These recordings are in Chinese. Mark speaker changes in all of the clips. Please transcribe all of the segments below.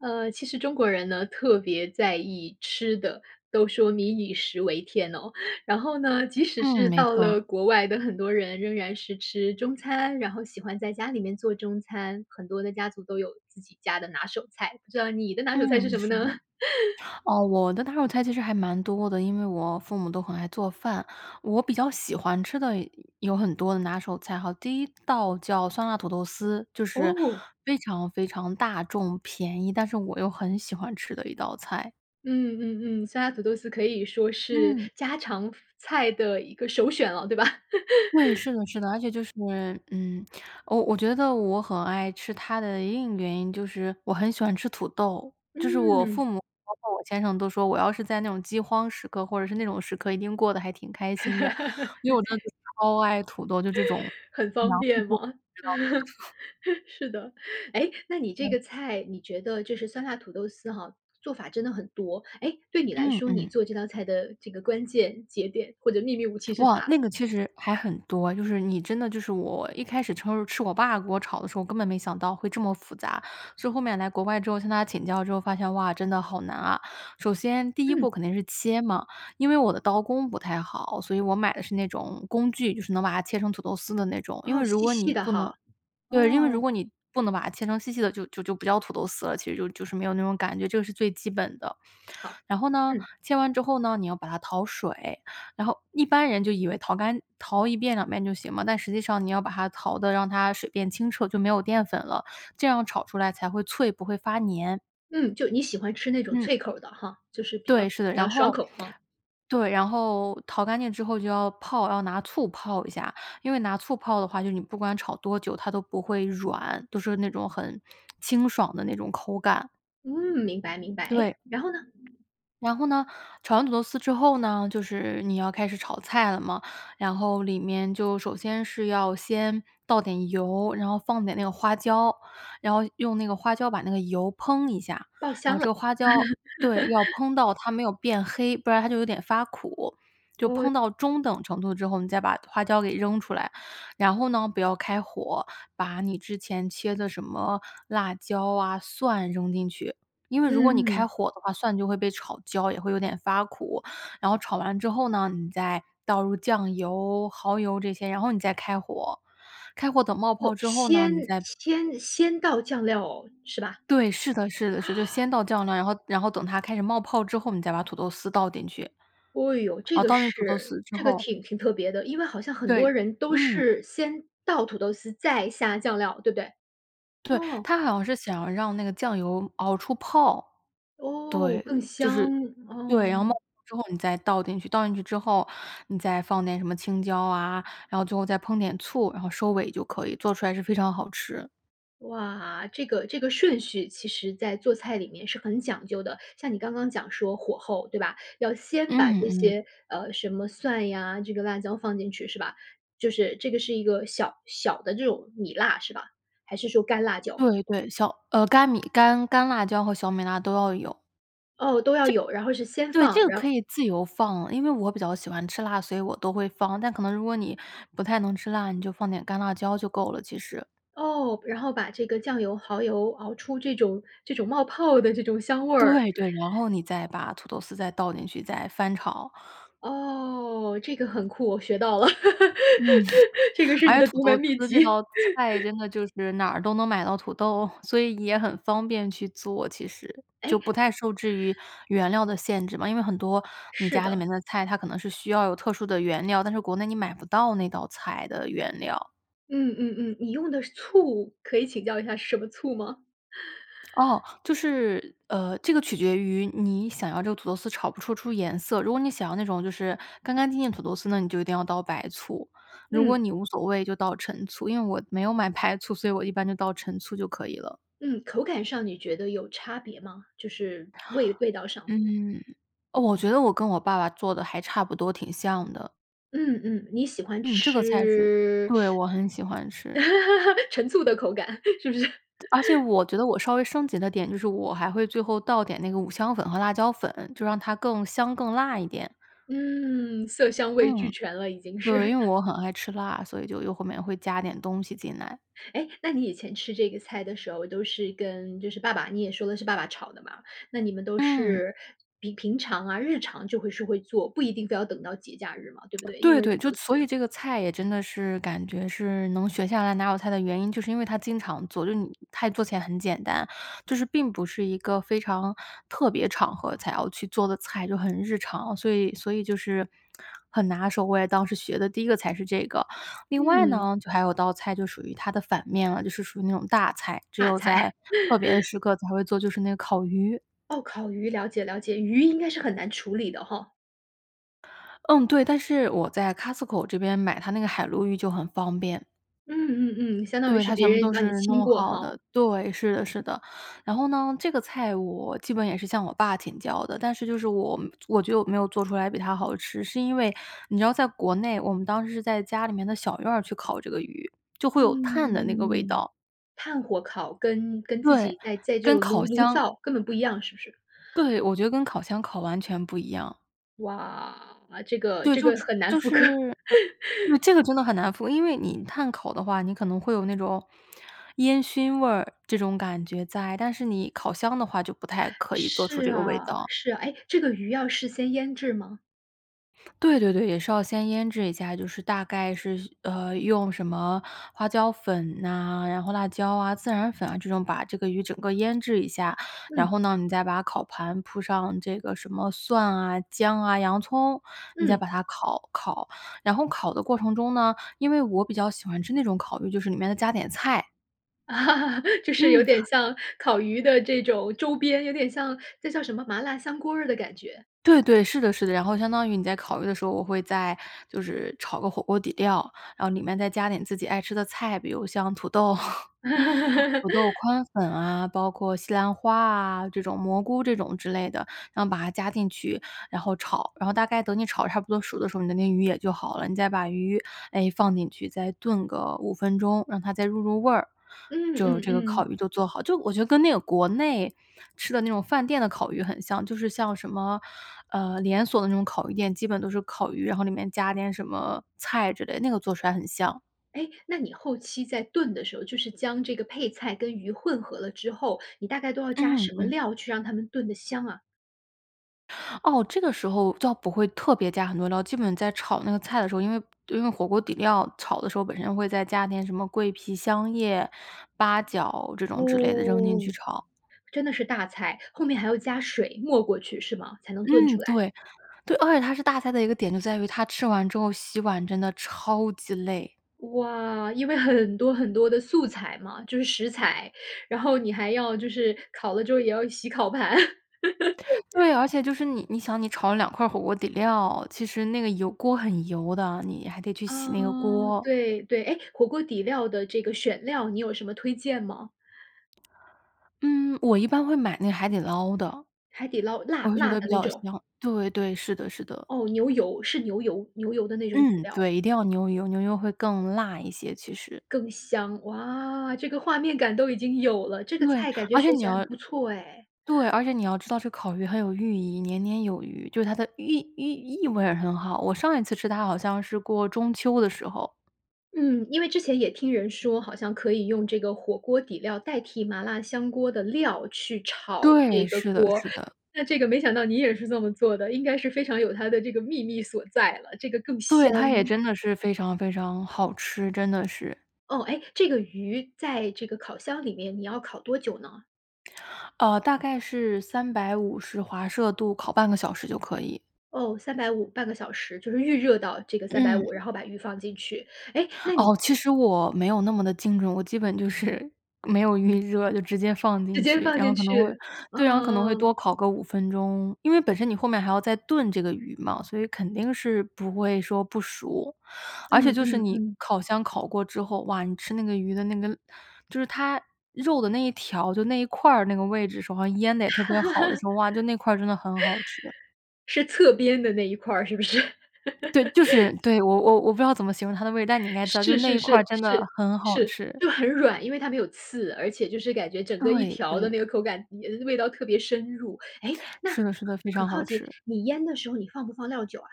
Speaker 1: 呃，其实中国人呢，特别在意吃的，都说“民以食为天”哦。然后呢，即使
Speaker 2: 嗯，
Speaker 1: 是
Speaker 2: 没
Speaker 1: 到了
Speaker 2: 错。
Speaker 1: 国外的很多人，仍然是吃中餐，然后喜欢在家里面做中餐。很多的家族都有自己家的拿手菜，不知道你的拿手菜是
Speaker 2: 嗯，
Speaker 1: 什么
Speaker 2: 是
Speaker 1: 呢？
Speaker 2: 的。哦，我的拿手菜其实还蛮多的，因为我父母都很爱做饭。我比较喜欢吃的有有很多的拿手菜哈，第一道叫酸辣土豆丝，就是
Speaker 1: 哦。
Speaker 2: 非常非常大众、便宜，但是我又很喜欢吃的一道菜。
Speaker 1: 嗯嗯嗯，酸辣土豆丝可以说是
Speaker 2: 嗯。
Speaker 1: 家常菜的一个首选了，对吧？
Speaker 2: 对，是的是的。而且就是嗯，呃，我我觉得我很爱吃它的另一个原因，就是我很喜欢吃土豆。就是我
Speaker 1: 嗯。
Speaker 2: 父母包括我先生都说，我要是在那种饥荒时刻，或者是那种时刻，一定过得还挺开心的，因为我真的 超爱土豆就这种，
Speaker 1: 很方
Speaker 2: 粮食
Speaker 1: 便
Speaker 2: 作
Speaker 1: 吗？
Speaker 2: 物 你知道吗？
Speaker 1: 是的。诶，那你这
Speaker 2: 嗯。
Speaker 1: 个菜，你觉得就是酸辣土豆丝哈，做法真的很多。诶，对你来
Speaker 2: 嗯
Speaker 1: 说，你
Speaker 2: 嗯。
Speaker 1: 做这道菜的这个关键节点，或者秘密武器是
Speaker 2: 哇，
Speaker 1: 啥？
Speaker 2: 那个其实还很多，就是你真的就是我一开始吃吃我爸给我炒的时候，我根本没想到会这么复杂。所以后面来国外之后，向他请教之后发现：“哇，真的好难啊。”首先第一
Speaker 1: 嗯。
Speaker 2: 步肯定是切嘛，因为我的刀工不太好，所以我买的是那种工具，就是能把它切成土豆丝的那种。因为
Speaker 1: 哦，
Speaker 2: 如
Speaker 1: 细
Speaker 2: 果你
Speaker 1: 细的
Speaker 2: 不
Speaker 1: 哈，
Speaker 2: 能对，因为如
Speaker 1: 哦。
Speaker 2: 果你不能把它切成细细的，就就就不叫土豆丝了，其实就就是没有那种感觉，这是最基本的。
Speaker 1: 好，
Speaker 2: 然后呢，
Speaker 1: 嗯。
Speaker 2: 切完之后呢，你要把它淘水，然后一般人就以为淘干淘1遍、2遍就行嘛，但实际上你要把它淘得让它水变清澈，就没有淀粉了。这样炒出来才会脆，不会发粘。
Speaker 1: 嗯，就你喜欢吃那种
Speaker 2: 嗯。
Speaker 1: 脆口儿的哈？就是比较
Speaker 2: 对，是的。
Speaker 1: 比较
Speaker 2: 然
Speaker 1: 爽
Speaker 2: 后，
Speaker 1: 口啊？
Speaker 2: 对，然后淘干净之后就要泡，要拿醋泡一下，因为拿醋泡的话，就是你不管炒多久它都不会软，都是那种，很清爽的那种口感。
Speaker 1: 嗯，明白，明白。哎，
Speaker 2: 对。
Speaker 1: 然后呢？
Speaker 2: 然后呢，炒完土豆丝之后呢，就是你要开始炒菜了嘛。然后里面就首先是要先倒点油，然后放点那个花椒，然后用那个花椒把那个油烹一下，
Speaker 1: 爆
Speaker 2: 然
Speaker 1: 香
Speaker 2: 后这
Speaker 1: 了。
Speaker 2: 个花椒对，要 烹到它没有变黑，不然它就有点发苦，就
Speaker 1: 哦
Speaker 2: 烹到中等程度之后，你再把花椒给扔出来，然后呢不要开火，把你之前切的什么辣椒啊、蒜扔进去，因为如果你开
Speaker 1: 嗯。
Speaker 2: 火的话，蒜就会被炒焦，也会有点发苦，然后炒完之后呢，你再倒入酱油，耗油这些、然后你再开火，开火等冒
Speaker 1: 哦，
Speaker 2: 泡之后呢，
Speaker 1: 先
Speaker 2: 你再
Speaker 1: 先先倒酱料是吧？
Speaker 2: 对，是的，是的。是，就 先倒酱呢，然后然后等它开始冒泡之后，你再把土豆丝倒进去。
Speaker 1: 哦哟，这
Speaker 2: 哦
Speaker 1: 个
Speaker 2: 倒进土豆
Speaker 1: 是，
Speaker 2: 丝之
Speaker 1: 这个
Speaker 2: 后
Speaker 1: 挺挺特别的，因为好像很多
Speaker 2: 对，
Speaker 1: 人都
Speaker 2: 嗯。
Speaker 1: 是，先倒土豆丝再下酱料，对不对？
Speaker 2: 对，
Speaker 1: 哦。
Speaker 2: 它好像是想让那个酱油熬出泡。
Speaker 1: 哦，更
Speaker 2: 对，就
Speaker 1: 香，
Speaker 2: 是对，然后冒
Speaker 1: 嗯。
Speaker 2: 泡之后你再倒进去，倒进去之后，你再放点什么青椒啊，然后最后再烹点醋、然后收尾就可以，做出来是非常好吃。
Speaker 1: 哇，这个这个顺序其实在做菜里面是很讲究的，像你刚刚讲说火候，对吧？要先把
Speaker 2: 嗯
Speaker 1: 这
Speaker 2: 嗯。
Speaker 1: 些，呃，什么蒜呀，这个辣椒放进去是吧？就是这个是一个小小的这种米辣是吧？还是说干辣椒？
Speaker 2: 对对，小，呃，干米干干辣椒和小米辣都要有。
Speaker 1: 哦，都要
Speaker 2: 这
Speaker 1: 有，然后是先
Speaker 2: 对
Speaker 1: 放，
Speaker 2: 这个
Speaker 1: 然
Speaker 2: 可
Speaker 1: 后
Speaker 2: 以自由放，因为我比较喜欢吃辣，所以我都会放，但可能如果你不太能吃辣，你就放点干辣椒就够了，其实。
Speaker 1: 哦，然后把这个酱油、蚝油熬出这种这种冒泡的，这种香味儿。
Speaker 2: 对对，然后你再把土豆丝再倒进去，再翻炒。
Speaker 1: 哦，这个很酷，我学到了。
Speaker 2: 嗯，
Speaker 1: 这个 是
Speaker 2: 而
Speaker 1: 你
Speaker 2: 且
Speaker 1: 的
Speaker 2: 土
Speaker 1: 独门
Speaker 2: 豆土
Speaker 1: 秘
Speaker 2: 豆这
Speaker 1: 籍。
Speaker 2: 道菜 真的就是，哪儿都能买到土豆，所以也很方便去做其实，就不
Speaker 1: 诶
Speaker 2: 太受制于原料的限制嘛。因为很多你
Speaker 1: 是
Speaker 2: 家里
Speaker 1: 的。
Speaker 2: 面的菜，它可能是需要有特殊的原料，但是国内你买不到那道菜的原料。
Speaker 1: 嗯嗯嗯，你用的醋，可以请教一下，是什么醋吗？
Speaker 2: 哦，就是，呃，这个取决于你想要这个土豆丝炒不出出颜色，如果你想要那种，就是干干净净的土豆丝呢，你就一定要倒白醋。如果
Speaker 1: 嗯。
Speaker 2: 你无所谓就倒陈醋，因为我没有买白醋，所以我一般就倒陈醋就可以了。
Speaker 1: 嗯，口感上你觉得有差别吗？就是，味味道上。
Speaker 2: 嗯，哦，我觉得我跟我爸爸做得还差不多，挺像的。
Speaker 1: 嗯嗯。你喜欢
Speaker 2: 嗯，这个菜是
Speaker 1: 吃
Speaker 2: 对，我很喜欢吃。
Speaker 1: 陈醋的口感，是不是？
Speaker 2: 而且 我觉得我稍微升级的点，就是我还会最后倒点那个五香粉和辣椒粉，就让它更香、更辣一点。
Speaker 1: 嗯。色香味
Speaker 2: 嗯。
Speaker 1: 俱全了已经
Speaker 2: 对，
Speaker 1: 是。
Speaker 2: 因为我很爱吃辣，所以就又后面会加点东西进来。
Speaker 1: 诶！那你以前吃这个菜的时候，都是跟就是爸爸，你也说的是爸爸炒的嘛。那你们都
Speaker 2: 嗯。
Speaker 1: 是比平常啊，日常就会是会做，不一定非要等到节假日嘛，对不 对？因
Speaker 2: 对
Speaker 1: 为
Speaker 2: 对，就
Speaker 1: 都
Speaker 2: 所以
Speaker 1: 四
Speaker 2: 这个菜也真的是感觉是能学下来拿手菜的原因，就是因为它经常做，就是你菜做起来很简单。就是并不是一个非常特别场合才要去做的菜，就很日常。所以所以就是 很拿手，我也当时学的第1个菜是这个。另外
Speaker 1: 嗯。
Speaker 2: 呢，就还有道菜就属于它的反面了，就是属于那种大菜。只
Speaker 1: 大
Speaker 2: 有在
Speaker 1: 菜。
Speaker 2: 特别的 时刻才会做，就是那个烤鱼。
Speaker 1: 哦！烤鱼，了解了解，鱼应该是很难处理的吼。
Speaker 2: 嗯，对，但是我在 Costco 这边买它那个海鲈鱼就很方便。
Speaker 1: 嗯嗯嗯，相当于
Speaker 2: 对，
Speaker 1: 是
Speaker 2: 它全
Speaker 1: 别
Speaker 2: 部
Speaker 1: 人
Speaker 2: 都
Speaker 1: 帮你
Speaker 2: 是
Speaker 1: 清
Speaker 2: 弄
Speaker 1: 过
Speaker 2: 好的
Speaker 1: 吼。
Speaker 2: 对，是的是的。然后呢，这个菜我基本也是向我爸请教的，但是就是我我觉得我没有做出来比他好吃。是因为你知道在国内，我们当时是在家里面的小院儿去烤这个鱼，就会有炭的那个味
Speaker 1: 嗯。
Speaker 2: 道。
Speaker 1: 炭火烤跟跟自
Speaker 2: 对，
Speaker 1: 己在在这
Speaker 2: 跟
Speaker 1: 种
Speaker 2: 烤
Speaker 1: 炉炉
Speaker 2: 箱
Speaker 1: 灶根本不一样，是不是？
Speaker 2: 对，我觉得跟烤箱烤完全不一样。
Speaker 1: 哇，这个
Speaker 2: 对，
Speaker 1: 这
Speaker 2: 就
Speaker 1: 个很难
Speaker 2: 就
Speaker 1: 复
Speaker 2: 是
Speaker 1: 刻。
Speaker 2: 嗯 这个真的很难复。因为你炭烤的话，你可能会有那种烟熏味儿，这种感觉在，但是你烤箱的话，就不太可以做出
Speaker 1: 是
Speaker 2: 这个味
Speaker 1: 啊，
Speaker 2: 道。
Speaker 1: 是啊，诶，这个鱼要事先腌制吗？
Speaker 2: 对，对，对，也是要先腌制一下，就是大概是，呃，用什么花椒粉呐，然后辣椒啊，孜然粉啊，这种，把这个鱼整个腌制一下。然
Speaker 1: 嗯。
Speaker 2: 后呢，你再把烤盘铺上这个什么蒜啊、姜啊、洋葱，你再
Speaker 1: 嗯。
Speaker 2: 把它烤烤，然后烤的过程中呢，因为我比较喜欢吃那种烤鱼，就是里面要加点菜。
Speaker 1: 就是有
Speaker 2: 嗯。
Speaker 1: 点像烤鱼的这种周边，有点像这叫什么麻辣香锅儿的感觉。
Speaker 2: 对，对，是的，是的。然后相当于你在烤鱼的时候，我会再就是炒个火锅底料，然后里面再加点自己爱吃的菜，比如像土豆。土豆宽粉啊，包括西兰花啊，这种蘑菇这种之类的，然后把它加进去，然后炒，然后大概等你炒得差不多熟的时候，你的那个鱼也就好了，你再把鱼，哎，放进去，再炖个5分钟，让它再入入味儿，
Speaker 1: 嗯，
Speaker 2: 就
Speaker 1: 嗯，
Speaker 2: 这个烤
Speaker 1: 嗯。
Speaker 2: 鱼就做好就我觉得跟那个国内吃的那种饭店的烤鱼很像，就是像什么，呃，连锁的那种烤鱼店基本都是烤鱼，然后里面加点什么菜之类的，那个做出来很像。
Speaker 1: 哎，那你后期在炖的时候，就是将这个配菜跟鱼混合了之后，你大概都要加
Speaker 2: 嗯，
Speaker 1: 什么
Speaker 2: 嗯。
Speaker 1: 料，去让它们炖得香啊？
Speaker 2: 哦，这个时候就要不会特别加很多料，基本在炒那个菜的时候，因为因为火锅底料炒的时候，本身会再加点什么桂皮、香叶、八角这种之类的扔进去
Speaker 1: 哦。
Speaker 2: 炒。
Speaker 1: 真的是大菜，后面还要加水，没过去是吗？才能炖
Speaker 2: 嗯，
Speaker 1: 出来。
Speaker 2: 对，对而且它是大的一个点就在于它吃完之后洗碗真的超级累。
Speaker 1: 哇，因为很多很多的素材嘛，就是食材，然后你还要就是烤了之后也要洗烤盘。
Speaker 2: 对，而且就是你你想你炒了两块儿火锅底料，其实那个油锅很油的，你还得去洗
Speaker 1: 啊，
Speaker 2: 那个锅。
Speaker 1: 对，对，哎，火锅底料的这个选料，你有什么推荐吗？
Speaker 2: 嗯，我一般会买那海底捞的。
Speaker 1: 海底捞
Speaker 2: 我
Speaker 1: 辣
Speaker 2: 会觉
Speaker 1: 辣
Speaker 2: 得比
Speaker 1: 的那
Speaker 2: 较
Speaker 1: 种？
Speaker 2: 香，对对，是的是的。
Speaker 1: 哦，牛油，是牛油，牛油的那种底
Speaker 2: 嗯，
Speaker 1: 料。
Speaker 2: 对，一定要牛油，牛油会更辣一些其实。
Speaker 1: 更香，哇，这个画面感都已经有了，这个
Speaker 2: 对，
Speaker 1: 菜感觉
Speaker 2: 而且
Speaker 1: 学
Speaker 2: 你
Speaker 1: 起来很
Speaker 2: 要
Speaker 1: 不错哎。
Speaker 2: 对，而且你要知道这个烤鱼很有寓意，年年有余，就是它的寓意寓意味儿很好，我上一次吃它好像是过中秋的时候。
Speaker 1: 嗯，因为之前也听人说，好像可以用这个火锅底料代替麻辣香锅的料，去炒
Speaker 2: 对，
Speaker 1: 这个
Speaker 2: 是的
Speaker 1: 锅。
Speaker 2: 是的。
Speaker 1: 那这个没想到你也是这么做的，应该是非常有它的这个秘密所在了，这个更
Speaker 2: 对，
Speaker 1: 香。
Speaker 2: 它也真的是非常非常好吃，真的是。
Speaker 1: 哦，诶，这个鱼在这个烤箱里面，你要烤多久呢？
Speaker 2: 呃，大概是350华摄度，烤半个小时就可以。
Speaker 1: 哦，350，半个小时，就是预热到这个350，
Speaker 2: 嗯。
Speaker 1: 然后把鱼放进去。诶，那你
Speaker 2: 哦，其实我没有那么地精准。我基本就是没有预热，就直接放
Speaker 1: 直
Speaker 2: 进
Speaker 1: 接
Speaker 2: 去，
Speaker 1: 放
Speaker 2: 然后
Speaker 1: 进
Speaker 2: 可能会
Speaker 1: 去，
Speaker 2: 对，然后可能会
Speaker 1: 嗯。
Speaker 2: 多烤个5分钟。因为本身你后面还要再炖这个鱼嘛，所以肯定是不会说不熟。而且
Speaker 1: 嗯
Speaker 2: 就是
Speaker 1: 嗯
Speaker 2: 你
Speaker 1: 嗯。
Speaker 2: 烤箱烤过之后，哇，你吃那个鱼的那个就是它肉的那一条就那一块儿那个位置，手上腌得也特别好的时候，哇，就那块儿真的很好吃。
Speaker 1: 是侧边的那一块儿，是不是？
Speaker 2: 对，就是对，我我我不知道怎么形容它的位但你应该知道，就是
Speaker 1: 是
Speaker 2: 那
Speaker 1: 是
Speaker 2: 一块儿
Speaker 1: 是，
Speaker 2: 真的
Speaker 1: 是，
Speaker 2: 很好
Speaker 1: 是，
Speaker 2: 吃。
Speaker 1: 就很软，因为它没有刺，而且就是感觉整个一
Speaker 2: 对
Speaker 1: 条的
Speaker 2: 对。
Speaker 1: 那个口感嗯，那味道特别深入。诶，那很
Speaker 2: 是的是的，非常
Speaker 1: 很
Speaker 2: 好
Speaker 1: 好奇，
Speaker 2: 吃。
Speaker 1: 你腌的时候你放不放料酒啊？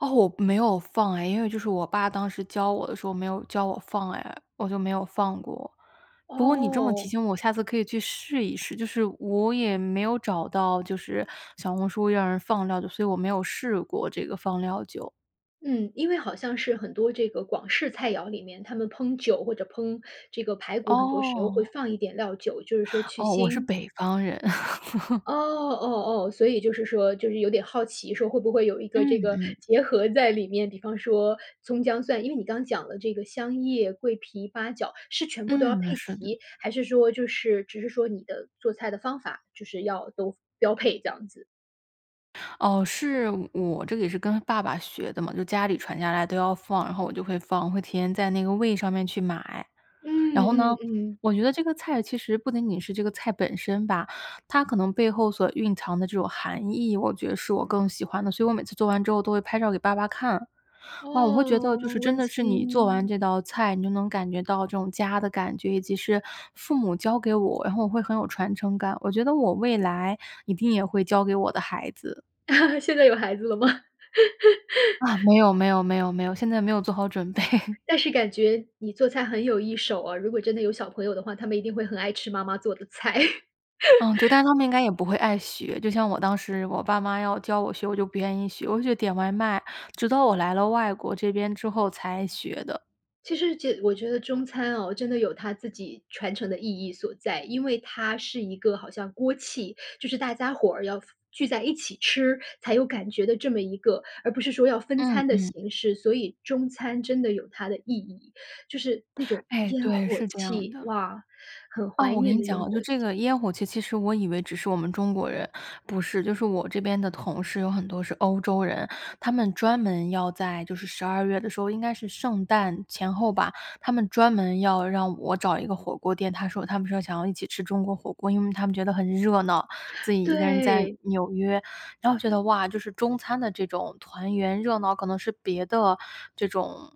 Speaker 2: 哦，我没有放哎，因为就是我爸当时教我的时候没有教我放哎，我就没有放过。不过你这么提
Speaker 1: 哦。
Speaker 2: 醒我下次可以去试一试，就是我也没有找到就是小红书让人放料酒，所以我没有试过这个放料酒。
Speaker 1: 嗯，因为好像是很多这个广式菜肴里面，他们烹酒或者烹这个排骨，很多时候会
Speaker 2: 哦。
Speaker 1: 放一点料酒，就是说去
Speaker 2: 哦，我是
Speaker 1: 腥。
Speaker 2: 北方人。
Speaker 1: 哦，哦，哦，所以就是说就是有点好奇说会不会有一个这
Speaker 2: 嗯，
Speaker 1: 个
Speaker 2: 嗯。
Speaker 1: 结合在里面，比方说葱姜蒜因为你刚讲了这个香叶，桂皮，八角是全部都要
Speaker 2: 嗯，
Speaker 1: 配
Speaker 2: 是的。
Speaker 1: 齐，还是说就是只是说你的做菜的方法就是要都标配这样子。
Speaker 2: 哦，是，我这个也是跟爸爸学的嘛，就家里传下来都要放，然后我就会放，会提前在那个 Weee 上面去买。然
Speaker 1: 嗯
Speaker 2: 后呢，
Speaker 1: 嗯嗯。
Speaker 2: 我觉得这个菜其实不仅仅是这个菜本身吧，它可能背后所蕴藏的这种含义，我觉得是我更喜欢的，所以我每次做完之后都会拍照给爸爸看。哇，我会觉得就
Speaker 1: 噢，
Speaker 2: 是真
Speaker 1: 温
Speaker 2: 的是你做完
Speaker 1: 馨。
Speaker 2: 这道菜，你就能感觉到这种家的感觉，以及是父母教给我，然后我会很有传承感，我觉得我未来一定也会教给我的孩子。
Speaker 1: 现在有孩子了吗？
Speaker 2: 啊，没有，没有，没有，没有，现在没有做好准备。
Speaker 1: 但是感觉你做菜很有一手啊，如果真的有小朋友的话，他们一定会很爱吃妈妈做的菜。
Speaker 2: 嗯，对，但 是他们应该也不会爱学，就像我当时我爸妈要教我学，我就不愿意学，我就觉得点外卖，直到我来了外国这边之后才学的。
Speaker 1: 其实这我觉得中餐哦，真的有它自己传承的意义所在。因为它是一个好像锅气就是大家伙儿要聚在一起吃，才有感觉的这么一个而不是说要分
Speaker 2: 嗯
Speaker 1: 餐的
Speaker 2: 嗯。
Speaker 1: 形式，所以中餐真的有它的意义。就是那种
Speaker 2: 哎，
Speaker 1: 烟
Speaker 2: 对，
Speaker 1: 火
Speaker 2: 是这样
Speaker 1: 气，
Speaker 2: 的。
Speaker 1: 哇，很
Speaker 2: 哦，
Speaker 1: 怀
Speaker 2: 我跟
Speaker 1: 念
Speaker 2: 你
Speaker 1: 的
Speaker 2: 讲
Speaker 1: 烟
Speaker 2: 啊，就
Speaker 1: 火
Speaker 2: 这
Speaker 1: 气。
Speaker 2: 个烟火气其实我以为只是我们中国人不是，就是我这边的同事，有很多是欧洲人。他们专门要在就是十二月的时候，应该是圣诞前后吧，他们专门要让我找一个火锅店，他说他们说想要一起吃中国火锅，因为他们觉得很热闹。自己1个人在
Speaker 1: 对。
Speaker 2: 纽约，然后觉得：“哇，就是中餐的这种团圆热闹，可能是别的这种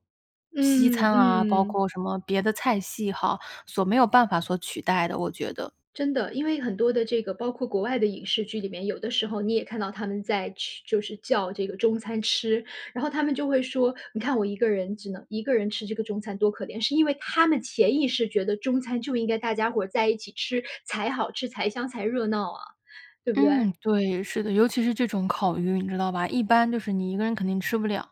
Speaker 2: 西
Speaker 1: 嗯
Speaker 2: 餐啊，包
Speaker 1: 嗯。
Speaker 2: 括什么别的菜系哈，所没有办法所取代的，”我觉得。
Speaker 1: 真的，因为很多的这个包括国外的影视剧里面，有的时候你也看到他们在吃就是叫这个中餐吃。然后他们就会说：“你看我1个人只能1个人吃这个中餐，多可怜。”是因为他们潜意识觉得，中餐就应该大家伙儿在一起吃才好吃，才香才热闹啊，对不对？
Speaker 2: 嗯，对，是的，尤其是这种烤鱼，你知道吧。一般就是你一个人肯定吃不了，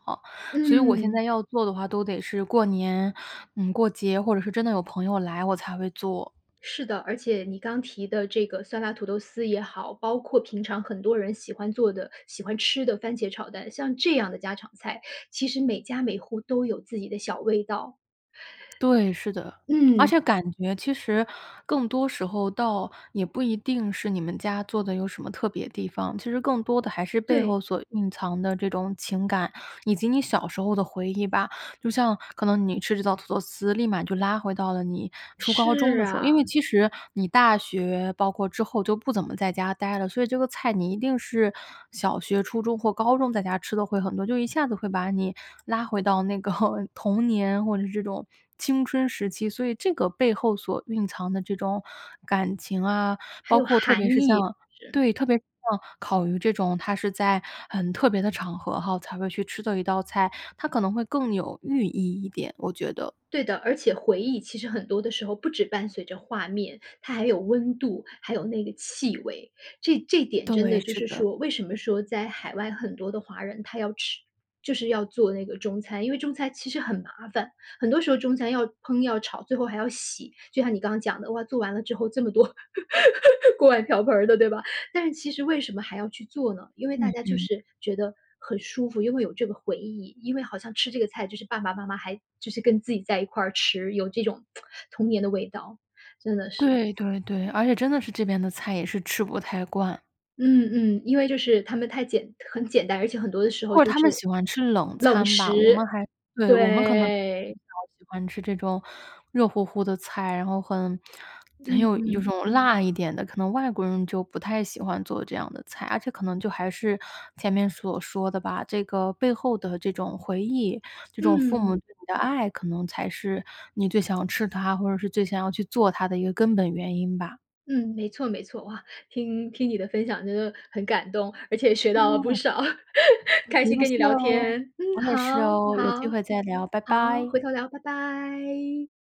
Speaker 2: 所以我现
Speaker 1: 嗯。
Speaker 2: 在要做的话，都得是过年，嗯，过节，或者是真的有朋友来我才会做。
Speaker 1: 是的，而且你刚提的这个酸辣土豆丝也好，包括平常很多人喜欢做的、喜欢吃的番茄炒蛋，像这样的家常菜，其实每家每户都有自己的小味道。
Speaker 2: 对，是的，而
Speaker 1: 嗯。
Speaker 2: 且感觉其实更多时候，倒也不一定是你们家做的有什么特别地方，其实更多的还是背
Speaker 1: 对。
Speaker 2: 后所蕴藏的这种情感，以及你小时候的回忆吧。就像可能你吃这道土豆丝，立马就拉回到了你初高中
Speaker 1: 是
Speaker 2: 的时候。因
Speaker 1: 啊。
Speaker 2: 为其实你大学，包括之后就不怎么在家呆了，所以这个菜你一定是小学、初中或高中在家吃得会很多，就一下子会把你拉回到那个童年，或者这种青春时期。所以这个背后所蕴藏的这种，感情啊
Speaker 1: 还
Speaker 2: 包
Speaker 1: 有
Speaker 2: 括特别
Speaker 1: 含
Speaker 2: 是像
Speaker 1: 义，是。
Speaker 2: 对，特别是像烤鱼这种，它是在很特别的场合哈，才会去吃的一道菜，它可能会更有寓意一点，我觉得。
Speaker 1: 对的，而且回忆其实很多的时候，不止伴随着画面，它还有温度，还有那个气味。这这点真
Speaker 2: 对，
Speaker 1: 的就
Speaker 2: 是
Speaker 1: 是
Speaker 2: 的。
Speaker 1: 说为什么说，在海外很多的华人他要吃就是要做那个中餐？因为中餐其实很麻烦，很多时候中餐要烹要炒，最后还要洗，就像你刚刚讲的，哇，做完了之后这么多 锅碗瓢盆儿的，对吧？但是其实为什么还要去做呢？因为
Speaker 2: 嗯
Speaker 1: 大家就
Speaker 2: 嗯。
Speaker 1: 是觉得很舒服，因为有这个回忆，因为好像吃这个菜，就是爸爸妈妈还就是跟自己在一块儿吃，有这种 童年的味道，真的是。
Speaker 2: 对对对，而且真的是，这边的菜也是吃不太惯。
Speaker 1: 嗯嗯，因为就是他们太简很简单，而且很多的时候
Speaker 2: 或
Speaker 1: 就
Speaker 2: 者他们
Speaker 1: 是，
Speaker 2: 喜欢吃冷
Speaker 1: 冷
Speaker 2: 餐吧。我们
Speaker 1: 食，
Speaker 2: 还对，我们可能比
Speaker 1: 对。
Speaker 2: 较喜欢吃这种热乎乎的菜，然后很很
Speaker 1: 嗯
Speaker 2: 有有
Speaker 1: 嗯。
Speaker 2: 一种辣一点的，可能外国人就不太喜欢做这样的菜。而且可能就还是，前面所说的吧。这个背后的这种回忆，这种父
Speaker 1: 嗯。
Speaker 2: 母对你的爱，可能才是你最想吃它，或者是最想要去做它的一个根本原因吧。
Speaker 1: 嗯，没错没错，哇，听听你的分享就是很感动，而且也学到了不
Speaker 2: 哦。
Speaker 1: 少。开
Speaker 2: 不
Speaker 1: 心
Speaker 2: 用
Speaker 1: 跟
Speaker 2: 谢
Speaker 1: 你聊
Speaker 2: 哦。
Speaker 1: 天。嗯，
Speaker 2: 我也是
Speaker 1: 好
Speaker 2: 哦，有机
Speaker 1: 好。
Speaker 2: 会再聊，拜
Speaker 1: 好，
Speaker 2: 拜。
Speaker 1: 回头聊，拜拜。